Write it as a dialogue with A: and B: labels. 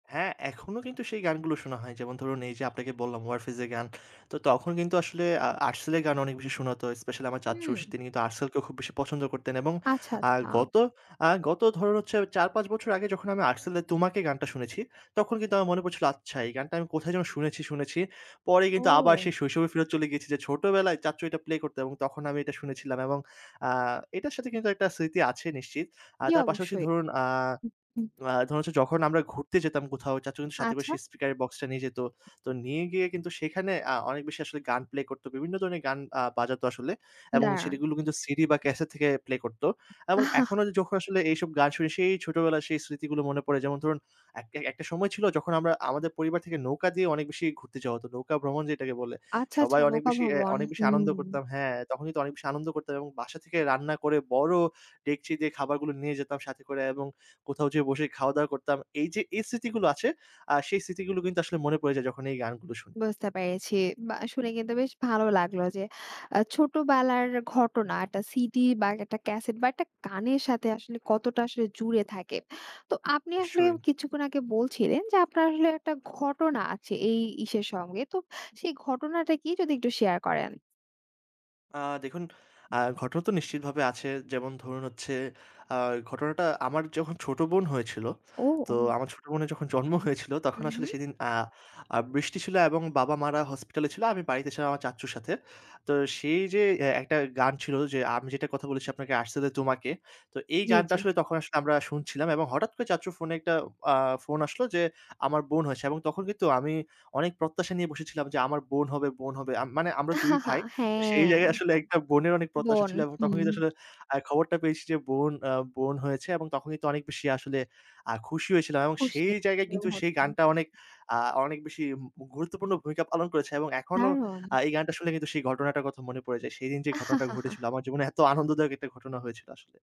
A: হ্যাঁ, এখনো কিন্তু সেই গানগুলো শোনা হয়। যেমন ধরুন, এই যে আপনাকে বললাম 'warfaze' এর গান। তো তখন কিন্তু আসলে আ 'Artcell' এর গান অনেক বেশি শোনাতো। স্পেশালি আমার চাচ্চু
B: হুম।
A: তিনি কিন্তু 'Artcell' কেও খুব বেশি পছন্দ করতেন। এবং
B: আচ্ছা,
A: আর
B: আচ্ছা।
A: গত আ গত ধরুন হচ্ছে ৪ ৫ বছর আগে যখন আমি 'Artcell' এর আর 'তোমাকে' গানটা শুনেছি, তখন কিন্তু আমার মনে পড়ছিল, আচ্ছা এই গানটা আমি কোথায় যেন শুনেছি, শুনেছি। পরে কিন্তু আবার
B: ও।
A: সেই শৈশবে ফেরত চলে গিয়েছি যে ছোটবেলায় চাচ্চু এটা প্লে করত এবং তখন আমি এটা শুনেছিলাম। এবং আ এটার সাথে কিন্তু একটা স্মৃতি আছে নিশ্চিত। আর
B: জী
A: তার পাশাপাশি
B: অবশ্যই।
A: ধরুন আ
B: হু, হু।
A: আ ধরুন, হচ্ছে যখন আমরা ঘুরতে যেতাম কোথাও চাচ্চু কিন্তু সাথে
B: আচ্ছা।
A: সেই স্পিকারের বক্সটা নিয়ে যেত। তো নিয়ে গিয়ে কিন্তু সেখানে আ অনেক বেশি আসলে গান প্লে করতো। বিভিন্ন ধরনের গান আ বাজাতো আসলে। এবং
B: দাঁড়ান।
A: সেটি গুলো কিন্তু সিডি বা ক্যাসেট থেকে প্লে করত। এবং এখনো যখন আসলে এইসব গান শুনি সেই ছোটবেলায় সেই স্মৃতিগুলো মনে পড়ে যেমন ধরুন, একটা একটা সময় ছিল যখন আমরা আমাদের পরিবার থেকে নৌকা দিয়ে অনেক বেশি ঘুরতে যাওয়া হতো। নৌকা ভ্রমণ যেটাকে বলে।
B: আচ্ছা, আচ্ছা,
A: সবাই অনেক
B: নৌকা
A: বেশি অ্যা
B: ভবন,
A: অনেক বেশি
B: হুম।
A: আনন্দ করতাম হ্যাঁ, তখন কিন্তু অনেক বেশি আনন্দ করতাম এবং বাসা থেকে রান্না করে বড় ডেকচি দিয়ে খাবারগুলো নিয়ে যেতাম সাথে করে এবং কোথাও যেয়ে বসে খাওয়া-দাওয়া করতাম। এই যে, এই স্মৃতিগুলো আছে আ সেই স্মৃতিগুলো কিন্তু আসলে মনে পড়ে যায় যখন এই গানগুলো শুনি।
B: বুঝতে পেরেছি বা শুনে কিন্তু বেশ ভালো লাগলো যে আ ছোটবেলার ঘটনা একটা সিডি বা একটা ক্যাসেট বা একটা গানের সাথে আসলে কতটা আসলে জুড়ে থাকে। তো আপনি আসলে
A: নিশ্চয়ই।
B: কিছুক্ষণ আগে বলছিলেন যে, আপনার আসলে একটা ঘটনা আছে এই ইসের সঙ্গে তো সেই ঘটনাটা কি যদি একটু শেয়ার করেন?
A: আ দেখুন আ ঘটনা তো নিশ্চিত ভাবে আছে। যেমন ধরুন, হচ্ছে আ ঘটনাটা আমার যখন ছোট বোন হয়েছিল
B: ও,
A: তো
B: ও।
A: আমার ছোট বোনের যখন জন্ম হয়েছিল, তখন
B: হুম,
A: আসলে
B: হুম।
A: সেদিন আ আ বৃষ্টি ছিল এবং বাবা-মারা হসপিটালে ছিল। আমি বাড়িতে ছিলাম আমার চাচ্চুর সাথে। তো সেই যে অ্যা একটা গান ছিল যে আমি যেটা কথা বলেছি আপনাকে 'Artcell' এর 'তোমাকে'। তো এই
B: জি,
A: গানটা
B: জি।
A: আসলে তখন আসলে আমরা শুনছিলাম এবং হঠাৎ করে চাচ্চুর ফোনে একটা আ ফোন আসলো য্‌ আমার বোন হয়েছে এবং তখন কিন্তু আমি অনেক প্রত্যাশা নিয়ে বসেছিলাম যে আমার বোন হবে বোন হবে। আমি মানে আমরা ২ ভাই তো সেই
B: হ্যাঁ।
A: জায়গায় আসলে একটা বোনের অনেক প্রত্যাশা
B: বন
A: ছিলো এবং তখন
B: হুম।
A: কিন্তু আসলে আ খবরটা পেয়েছি যে বোন অ্যা বোন হয়েছে এবং তখন কিন্তু অনেক বেশি আসলে আ খুশি হয়েছিলাম এবং
B: খুশি
A: সেই জায়গায়
B: বোন
A: কিন্তু সেই
B: হওয়াতে।
A: গানটা অনেক আ অনেক বেশি মু গুরুত্বপূর্ণ ভূমিকা পালন করেছে এবং এখনো
B: দারুণ!
A: আ এই গানটা শুনলে কিন্তু সেই ঘটনাটার কথা মনে পড়ে যায়। সেদিন যেই ঘটনাটা ঘটেছিলো। আমার জীবনে এত আনন্দদায়ক একটা ঘটনা হয়েছিল আসলে।